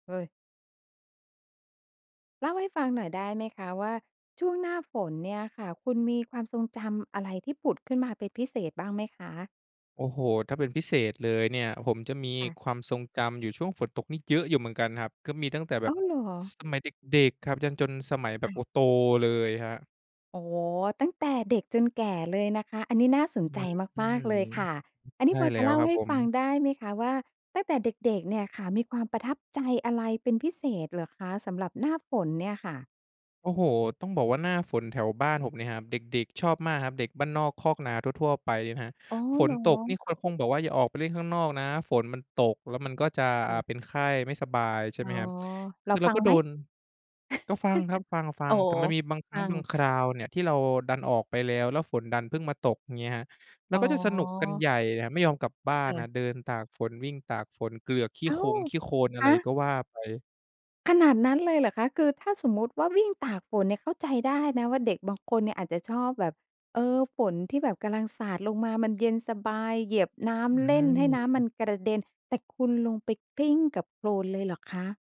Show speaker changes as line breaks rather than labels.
เฮ้ย! เล่าให้ฟังหน่อยได้ไหมคะว่าช่วงหน้าฝนเนี่ยค่ะคุณมีความทรงจำอะไรที่ผุดขึ้นมาเป็นพิเศษบ้างไหมคะ?
โอ้โฮ ถ้าเป็นพิเศษเลยเนี่ย ผมจะมี
ค่ะ
ความทรงจำอยู่ช่วงฝนตกนี้เยอะอยู่เหมือนกันครับ ก็มีตั้งแต่แบ
อ้า
บ
ว เหรอ?
สมัยเด็ก ๆ ครับ ยันจนสมัยแ
ค
บบ
่
โอ
ะ
้ โตเลยครับ
อ๋อ ตั้งแต่เด็กจนแก่เลยนะคะ อันนี้น่าส
อ
น
ื
ใจ
้อฮื
มาก ๆ
อ
เลยค่ะ อัน
อ
น
ใ
ี
ช
้
่
พอ
แล
จ
้
ะ
ว
เล่า
ครับ
ให้
ผม
ฟังได้ไหมคะว่า ตั้งแต่เด็ก ๆ เนี่ยค่ะ มีความประทับใจอะไรเป็นพิเศษเหรอคะสำหรับหน้าฝนเนี่ยค่ะ?
โอ้โฮ ต้องบอกว่าหน้าฝนแถวบ้านผมเนี่ยครับ เด็ก ๆ ชอบมากครับ เด็กบ้านนอกคอกนาทั่ว ๆ ไปเนี่ยครับ
อ๋อ
ฝ
เห
น
รอ?
ตกนี่เขาคงบอกว่า "อย่าออกไปเล่นข้างนอกนะ ฝนมันตกแล้วมันก็จะ
ค
อ
่
า
ะ
เป็นไข้ไม่สบาย" ใช่
อ๋
ไห
อ
มครับ ค
เรา
ือเรา
ฟั
ก
ง
็โ
ไห
ด
ม?
น ก็ฟังครับ ฟั
อ๋
ง
อ
ๆ แต่มันมีบางคร
ฟ
ั้
ั
งบ
ง
างคราวเนี่ยที่เราดันออกไปแล้ว แล้วฝนดันเพิ่งมาตก อย่างเงี้ยครับ เรา
อ๋
ก็จะสนุกกัน
อ
ใหญ่ไม่ยอมกลับบ้า
ค
น
่
น
ะ
ครับ เดินตากฝน วิ่งตากฝน เกลือกขี้
อ้า
ค
ว
งขี้โคลน อะ
ฮ
ไร
ะ!
ก็ว่าไป
ขนาดนั้นเลยเหรอคะ คือถ้าสมมุติว่าวิ่งตากฝนเนี่ยเข้าใจได้นะว่าเด็กบางคนเนี่ยอาจจะชอบแบบ เออ ฝนที่แบบกำลังสาดลงมา มันเย็นสบาย เหยียบน้
อ
ำ เล่นให้น้ำม
ือ
ันกระเด็น แต่คุณลงไปกลิ้งกับโคลนเลยเหรอคะ?